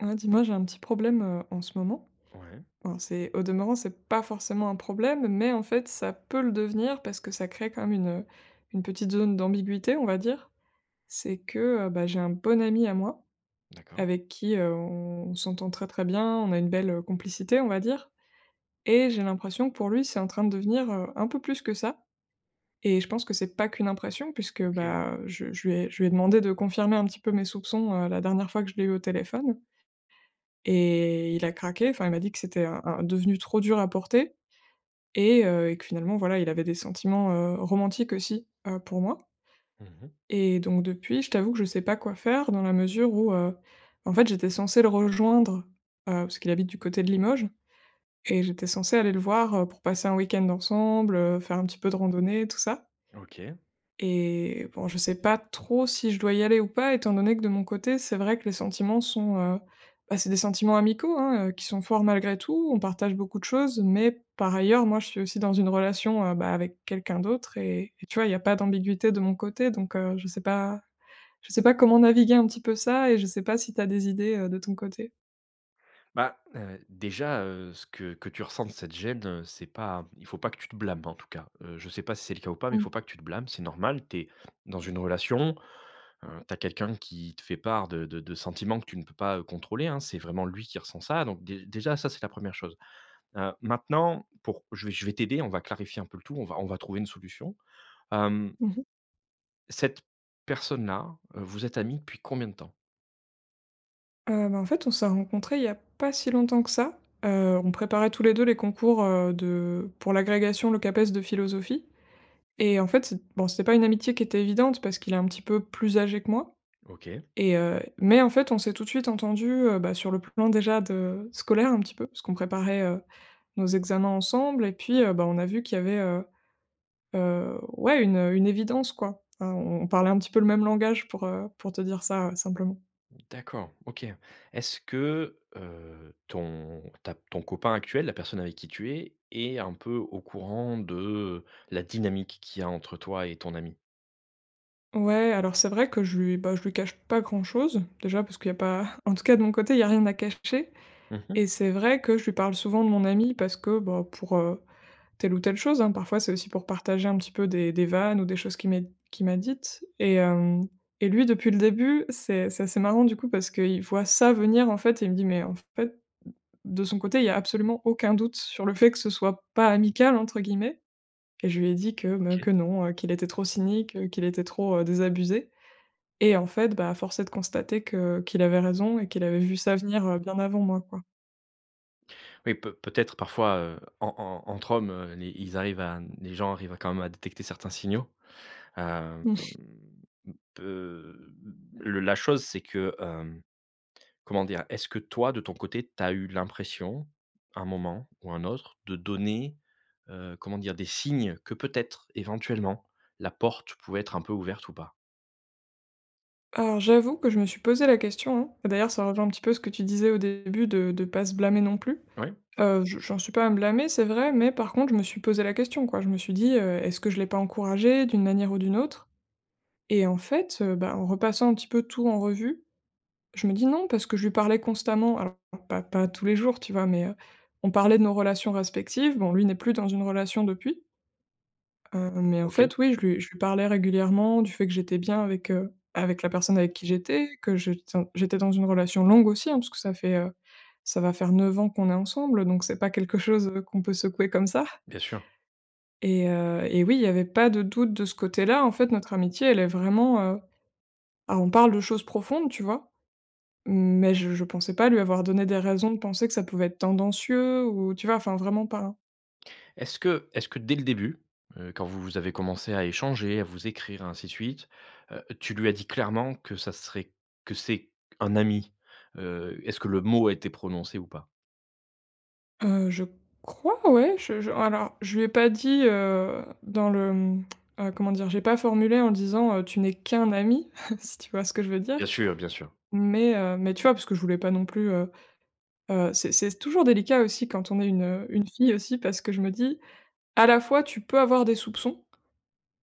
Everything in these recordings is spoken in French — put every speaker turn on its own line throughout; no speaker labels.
Ah, dis moi, j'ai un petit problème, heu, en ce moment.
Ouais.
Enfin, c'est, au demeurant, c'est pas forcément un problème, mais en fait ça peut le devenir parce que ça crée comme une, heu, une petite zone d'ambiguïté, on va dire. C'est que, heu, bah, j'ai un bon ami à moi
D'accord.
avec qui, heu, on on s'entend très, très bien, on a une belle, heu, complicité, on va dire et j'ai l'impression que pour lui, c'est en train de devenir, heu, un peu plus que ça et je pense que c'est pas qu'une impression puisque,
OK.
bah, heu, je je lui ai je lui ai demandé de confirmer un petit peu mes soupçons, heu, la dernière fois que je l'ai eu au téléphone et il a craqué, enfin il m'a dit que c'était un un devenu trop dur à porter et heu et que finalement, voilà, il avait des sentiments, heu, romantiques aussi, heu, pour moi.
Mmh mh.
Et donc depuis, je t'avoue que je sais pas quoi faire dans la mesure où, heu, en fait j'étais censée le rejoindre. Heu, parce qu'il habite du côté de Limoges et j'étais censée aller le voir, heu, pour passer un week-end ensemble, heu, faire un petit peu de randonnée, tout ça.
OK.
Et bon, je sais pas trop si je dois y aller ou pas, étant donné que de mon côté, c'est vrai que les sentiments sont, heu, bah, c'est des sentiments amicaux, hein, heu, qui sont forts malgré tout. On partage beaucoup de choses, mais par ailleurs, moi je suis aussi dans une relation, heu, bah, avec quelqu'un d'autre et et tu vois, il y a pas d'ambiguïté de mon côté, donc heu, je sais pas, je sais pas comment naviguer un petit peu ça et je sais pas si tu as des idées, heu, de ton côté.
Bah, heu, déjà, heu, ce que que tu ressentes, cette gêne, heu, c'est pas un il faut pas que tu te blâme en tout cas. Heu, je sais pas si c'est le cas ou pas, mais faut
Mmh.
pas que tu te blâmes, c'est normal, tu es dans une relation, heu, tu as quelqu'un qui te fait part de de de sentiments que tu ne peux pas, heu, contrôler, hein, c'est vraiment lui qui ressent ça donc déj déjà ça c'est la 1re chose. Heu, maintenant, pour je vais je vais t'aider, on va clarifier un peu le tout, on va on va trouver une solution, hem
Mmh mh.
cette personne-là, heu, vous êtes amis depuis combien de temps?
Heu, bah, en fait, on s'est rencontrés il y a pas si longtemps que ça. Heu, on préparait tous les 2 les concours, heu, de pour l'agrégation, le CAPES de philosophie et en fait c'ét bon, c'était pas une amitié qui était évidente parce qu'il est un petit peu plus âgé que moi
OK.
et heu, mais en fait, on s'est tout de suite entendus, heu, bah, sur le plan déjà de scolaire un petit peu, puisqu'on préparait, heu, nos examens ensemble, et puis, heu, bah, on a vu qu'il y avait, heu heu, ouais, une, heu, une évidence, quoi. Enfin on on parlait un petit peu le même langage pour, heu, pour te dire ça, heu, simplement.
D'accord. OK. Est-ce que, heu, ton ta ton copain actuel, la personne avec qui tu es, est un peu au courant de, heu, la dynamique qu'il y a entre toi et ton ami?
Ouais, alors c'est vrai que je lui, bah je lui cache pas grand-chose. Déjà parce qu'il y a pas, en tout cas de mon côté, il y a rien à cacher,
Mmh mh.
et c'est vrai que je lui parle souvent de mon ami parce que, bah, pour, heu, telle ou telle chose hein parfois c'est aussi pour partager un petit peu des des vannes ou des choses qu'il m'ait qu'il m'a dites, et hem, et lui depuis le début, c'est c'est assez marrant du coup parce qu'il voit ça venir en fait et il me dit: «Mais en fait» d de son côté il y a absolument aucun doute sur le fait que ce soit pas «amical» entre guillemets et je lui ai dit que me
OK.
que non, heu, qu'il était trop cynique, heu, qu'il était trop, heu, désabusé et en fait, bah, force est de constater que qu'il avait raison et qu'il avait vu ça venir, heu, bien avant moi, quoi.
Oui peut peut-être parfois, heu, en en entre hommes, heu, les ils arrivent à n les gens arrivent à quand même à détecter certains signaux, hem,
Mmh.
mmh, peut mmh, le la chose, c'est que, hem, comment dire? Est-ce que toi de ton côté, tu as eu l'impression à un moment ou un autre de donner, heu, comment dire? Des signes que peut-être éventuellement la porte pouvait être un peu ouverte ou pas?
Alors j'avoue que je me suis posée la question, hein et d'ailleurs ça rejoint un petit peu ce que tu disais au début de de pas se blâmer non plus.
Oui.
Heu, je j'en suis pas à me blâmer, c'est vrai, mais par contre je me suis posée la question, quoi. Je me suis dit, heu: «Est-ce que je l'ai pas encouragé d'une manière ou d'une autre?» Et en fait, heu, bah, en repassant un petit peu tout en revue, je me dis: «Non, parce que je lui parlais constamment». Alors pas pas pas tous les jours, tu vois? Mais, heu, on parlait de nos relations respectives. Bon, lui n'est plus dans une relation depuis. Heu, mais en
OK.
fait oui, je lui je lui parlais régulièrement du fait que j'étais bien avec, heu, avec la personne avec qui j'étais. Que je ten j'étais dans une relation longue aussi, hein. Parce que ça fait, heu, ça va faire 9 ans qu'on est ensemble, donc c'est pas quelque chose, heu, qu'on peut secouer comme ça
Bien sûr.
et heu et oui, il y avait pas de doute de ce côté-là. En fait, notre amitié, elle est vraiment, heu bah, on parle de choses profondes, tu vois? Mais je je pensais pas lui avoir donné des raisons de penser que ça pouvait être tendancieux ou, tu vois? Enfin, vraiment pas, hein.
Est-ce que est-ce que, dès le début, heu, quand vous vous avez commencé à échanger, à vous écrire, ainsi de suite, heu, tu lui as dit clairement que ça serait que c'est q un ami? Heu, est-ce que le mot a été prononcé ou pas?
Heu, je crois, ouais. Je je alors je lui ai pas dit, heu, dans le, hem, heu, comment dire? J'ai pas formulé en disant, heu: «Tu n'es qu'un ami», si tu vois ce que je veux
Bien
dire?
sûr, bien sûr.
Mais heu, mais, tu vois? Parce que je voulais pas non plus, heu, heu c'est c'est s toujours délicat aussi quand on est une, heu, une fille aussi. Parce que je me dis: «À la fois tu peux avoir des soupçons,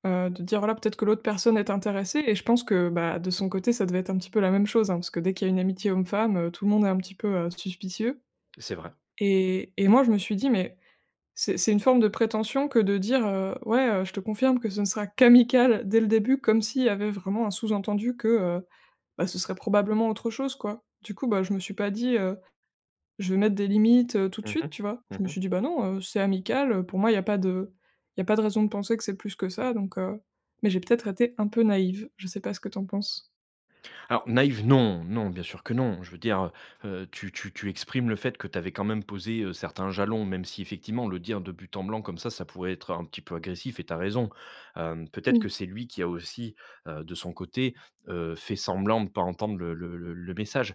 heu, de te dire voilà, peut-être que l'autre personne est intéressée» et je pense que bah, de son côté ça devait être un petit peu la même chose, hein. Parce que dès qu'il y a une amitié homme femme, heu, tout le monde est un petit peu, heu, suspicieux
C'est vrai.
et et moi je me suis dit: «Mais, c'est c'est une forme de prétention que de dire, heu, ouais, heu: "je te confirme que ce ne sera qu'amical dès le début" comme s'il y avait vraiment un sous-entendu, que, heu, bah ce serait probablement autre chose, quoi». Du coup, bah je me suis pas dit, heu: «Je vais mettre des limites, heu, tout de
Mmh mh,
suite», tu vois?
mmh
Je me
mh.
suis dit: «Bah non, heu, c'est amical, heu. Pour moi, il y a pas de il y a pas de raison de penser que c'est plus que ça, donc heu», mais j'ai peut-être été un peu naïve. Je sais pas ce que tu en penses?
Alors, naïve non, non, bien sûr que non. Je veux dire, heu, heu, tu tu tu exprimes le fait que tu avais quand même posé, heu, certains jalons, même si effectivement, le dire de but en blanc comme ça, ça pourrait être un petit peu agressif et tu as raison. Hem, peut-être que
Mmh.
c'est lui qui a aussi, heu, de son côté, heu, fait semblant de pas entendre le le le le message.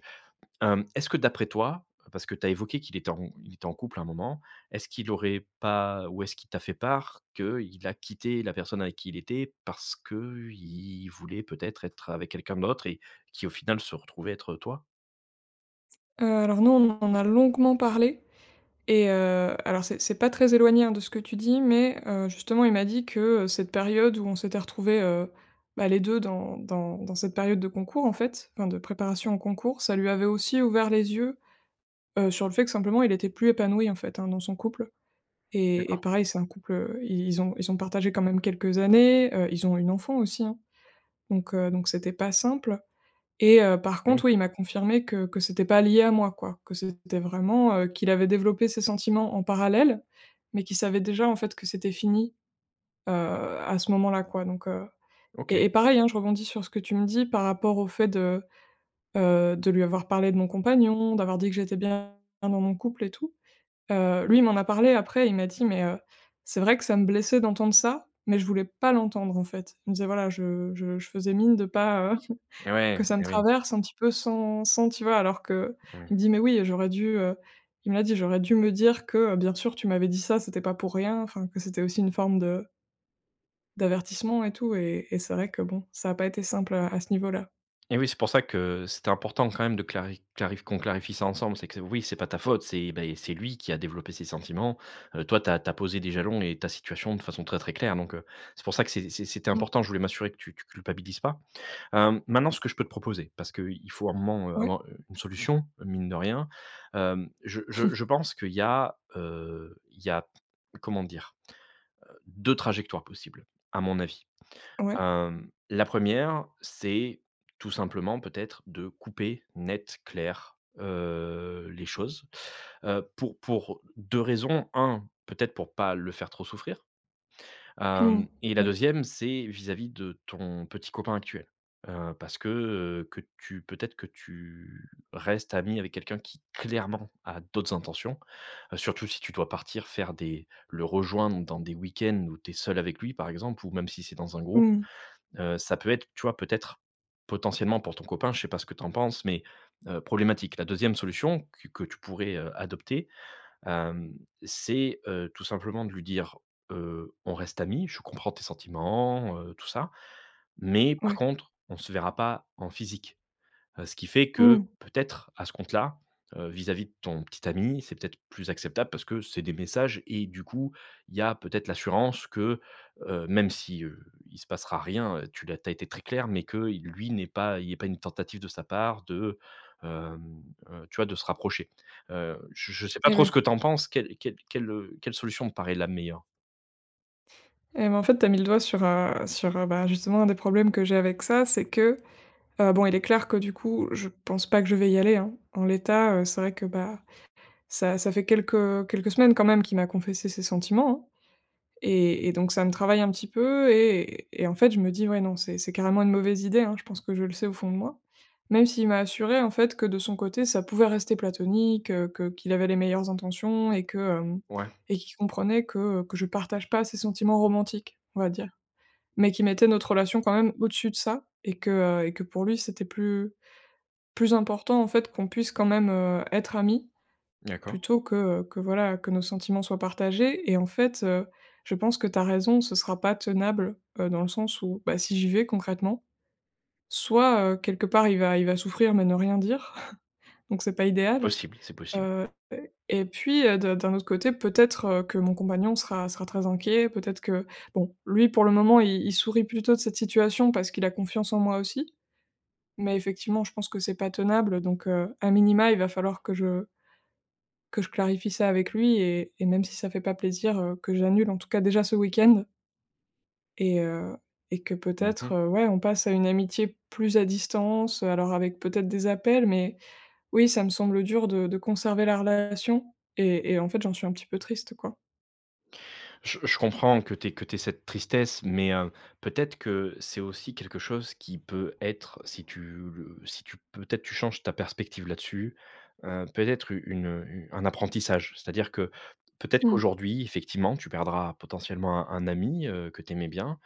Hem, est-ce que d'après toi, parce que tu as évoqué qu'il était en il était en couple à un moment, est-ce qu'il aurait pas ou est-ce qu'il t'a fait part, qu'il a quitté la personne avec qui il était parce qu'il voulait peut-être être avec quelqu'un d'autre et qui au final se retrouvait être, heu, toi?
Heu, alors non, on en a longuement parlé et heu, alors c'est c'est pas très éloigné, hein, de ce que tu dis mais heu, justement, il m'a dit que, heu, cette période où on s'était retrouvé, heu, bah les 2 dans dans dans cette période de concours en fait, enfin de préparation au concours, ça lui avait aussi ouvert les yeux, heu, sur le fait que simplement il était plus épanoui en fait, hein, dans son couple. Et et
D'accord.
pareil, c'est un couple, heu, i ils ont ils ont partagé quand même quelques années, heu, ils ont une enfant aussi, hein, donc heu, donc c'était pas simple et heu, par
Et oui.
contre, oui, il m'a confirmé que que c'était pas lié à moi, quoi. Que c'était vraiment heu, qu'il avait développé ses sentiments en parallèle, mais qu'il savait déjà en fait que c'était fini, heu, à ce moment-là quoi, donc, heu.
OK.
Et et pareil, hein, je rebondis sur ce que tu me dis par rapport au fait de, heu, de lui avoir parlé de mon compagnon, d'avoir dit que j'étais bien dans mon couple et tout. Heu, lui il m'en a parlé après il m'a dit: «Mais heu, c'est vrai que ça me blessait d'entendre ça, mais je voulais pas l'entendre, en fait». Il me disait: «Voilà, je je je faisais mine de pas, heu,
Et
que
ouais
ça me
et oui.
traverse un petit peu sans sans» tu vois? Alors qu'il me
Mmh.
dit: «Mais oui, j'aurais dû, heu», il m'a dit: «J'aurais dû me dire que, heu, bien sûr, tu m'avais dit ça, c'était pas pour rien, enfin que c'était aussi une forme de» «d'avertissement et tout» et et c'est vrai que bon, ça a pas été simple, heu, à ce niveau-là.
Eh oui, c'est pour ça que c'était important, quand même, de clari clarif qu'on clarifie ça ensemble. C'est que c oui, c'est pas ta faute, c'est et bah et c'est lui qui a développé ces sentiments, heu, toi, tu as tu as posé des jalons et ta situation de façon très, très claire, donc heu, c'est pour ça que c'est c'est c'était
Mmh.
important. Je voulais m'assurer que tu tu culpabilises pas, hem, maintenant ce que je peux te proposer, parce qu'il il faut à un moment
Ouais.
avoir, heu, une solution, mine de rien, hem, je je je pense qu'il y a, heu, il y a comment dire? Heu, 2 trajectoires possibles, à mon avis,
Ouais.
hem, la 1re, c'est tout simplement, peut-être, de couper net, clair, heu, les choses, heu, pour pour 2 raisons. 1, peut-être pour pas le faire trop souffrir,
Mmh mh,
hem, et la
ouais.
2e, c'est vis-à-vis de ton petit copain actuel, heu, parce que, heu, que tu peut-être, que tu restes amie avec quelqu'un qui, clairement, a d'autres intentions, heu, surtout si tu dois partir faire des le rejoindre dans des week-ends où tu es seule avec lui, par exemple, ou même si c'est dans un groupe.
Mmh mh.
Heu, ça peut être, tu vois? Peut-être, potentiellement pour ton copain, je sais pas ce que tu en penses mais heu, problématique. La 2e solution qu que tu pourrais, heu, adopter, hem, c'est, heu, tout simplement de lui dire, heu: «On reste amis, je comprends tes sentiments», heu, tout ça mais par
Ouais.
contre, on se verra pas en physique, heu, ce qui fait que,
Mmh.
peut-être, à ce compte-là, heu, vis-à-vis de ton petit ami, c'est peut-être plus acceptable parce que c'est des messages et du coup, il y a peut-être l'assurance que, heu, même si, heu, il se passera rien, heu, tu l'as tu as été très claire mais qu'il lui n'ait pas, il y ait pas une tentative de sa part de, hem, heu, tu vois? De se rapprocher, heu, je je sais pas
Eh
trop
ouais.
ce que tu en penses? Quelle quelle quelle, heu, quelle solution te paraît la meilleure?
Eh ben, en fait, tu as mis le doigt sur, heu sur, heu, bah, justement, un des problèmes que j'ai avec ça, c'est que, heu, bon, il est clair que, du coup, je pense pas que je vais y aller, hein. En l'état, heu, c'est vrai que, bah, ça ça fait quelques quelques semaines, quand même, qu'il m'a confessé ses sentiments, hein et et donc, ça me travaille un petit peu et et en fait, je me dis: «Ouais, non, c'est c'est carrément une mauvaise idée», hein. Je pense que je le sais au fond de moi. Même s'il m'a assuré, en fait, que de son côté ça pouvait rester platonique, heu, que qu'il avait les meilleures intentions et que, hem
Ouais.
et qu'il comprenait que, heu, que je partage pas ses sentiments romantiques, on va dire mais qu'il mettait notre relation, quand même, au-dessus de ça et que, heu et que pour lui c'était plus, plus important, en fait, qu'on puisse quand même, heu, être amis
D'accord.
plutôt que, heu, que, voilà, que nos sentiments soient partagés. Et en fait, heu, je pense que tu as raison, ce sera pas tenable, heu, dans le sens où, bah, si j'y vais concrètement soit, heu, quelque part il va il va souffrir mais ne rien dire, donc c'est pas idéal,
Possible, c'est possible.
heu et et puis, heu, d'un d'un autre côté, peut-être, heu, que mon compagnon sera sera très inquiet. Peut-être que bon, lui pour le moment, i il sourit plutôt de cette situation parce qu'il a confiance en moi aussi mais effectivement, je pense que c'est pas tenable, donc heu, à minima, il va falloir que je que je clarifie ça avec lui et et même si ça fait pas plaisir, heu, que j'annule en tout cas, déjà ce week-end. Et heu et que
Mmh
peut-être,
mh.
heu, ouais, on passe à une amitié plus à distance, heu, alors, avec, peut-être, des appels mais oui, ça me semble dur de de conserver la relation et et en fait, j'en suis un petit peu triste, quoi.
Je je comprends que tu aies que tu aies cette tristesse, mais heu peut-être que c'est aussi quelque chose qui peut être, si tu le si tu peut-être, tu changes ta perspective là-dessus, heu, peut-être u une un apprentissage. C'est-à-dire que, peut-être
Mmh.
qu'aujourd'hui, effectivement, tu perdras potentiellement un un ami, heu, que tu aimais bien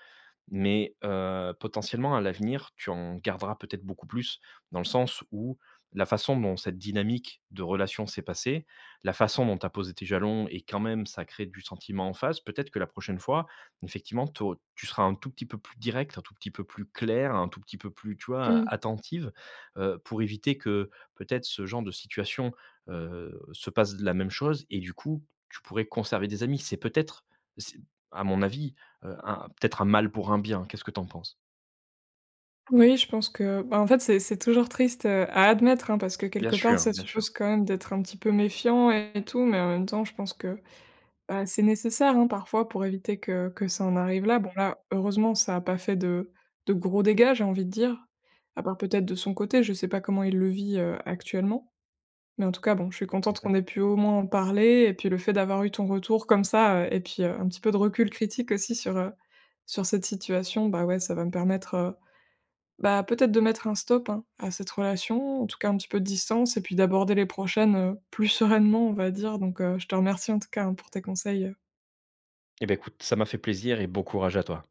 mais heu, potentiellement, à l'avenir, tu en garderas peut-être beaucoup plus. Dans le sens où la façon dont cette dynamique de relation s'est passée, la façon dont tu as posé tes jalons et quand même, ça crée du sentiment en face. Peut-être que la prochaine fois, effectivement, tu au tu seras un tout petit peu plus directe, un tout petit peu plus claire, un tout petit peu plus, tu vois?
Mmh.
A attentive, heu, pour éviter que, peut-être, ce genre de situation, heu, se passe de la même chose et du coup, tu pourrais conserver des amis. C'est, peut-être, c'est, à mon avis, heu, un peut-être un mal pour un bien. Qu'est-ce que tu en penses?
Oui, je pense que, ben, en fait, c'est c'est toujours triste, heu, à admettre, hein, parce que,
Bien
quelque part,
sûr,
ça
bien sûr.
suppose, quand même, d'être un petit peu méfiant et tout mais en même temps je pense que, bah, c'est nécessaire, hein, parfois, pour éviter que que ça en arrive là. Bon, là, heureusement, ça a pas fait de de gros dégâts, j'ai envie de dire. À part, peut-être, de son côté. Je sais pas comment il le vit, heu, actuellement. Mais en tout cas, bon, je suis
Mmh
contente
mh.
qu'on ait pu, au moins, en parler et puis le fait d'avoir eu ton retour comme ça, heu et puis, heu, un petit peu de recul critique aussi sur, heu, sur cette situation. Bah, ouais, ça va me permettre, heu, bah, peut-être de mettre un stop, hein, à cette relation. En tout cas, un petit peu de distance et puis d'aborder les prochaines, heu, plus sereinement, on va dire donc heu, je te remercie, en tout cas, hein, pour tes conseils, heu
Eh, beh, écoute, ça m'a fait plaisir et beau courage à toi.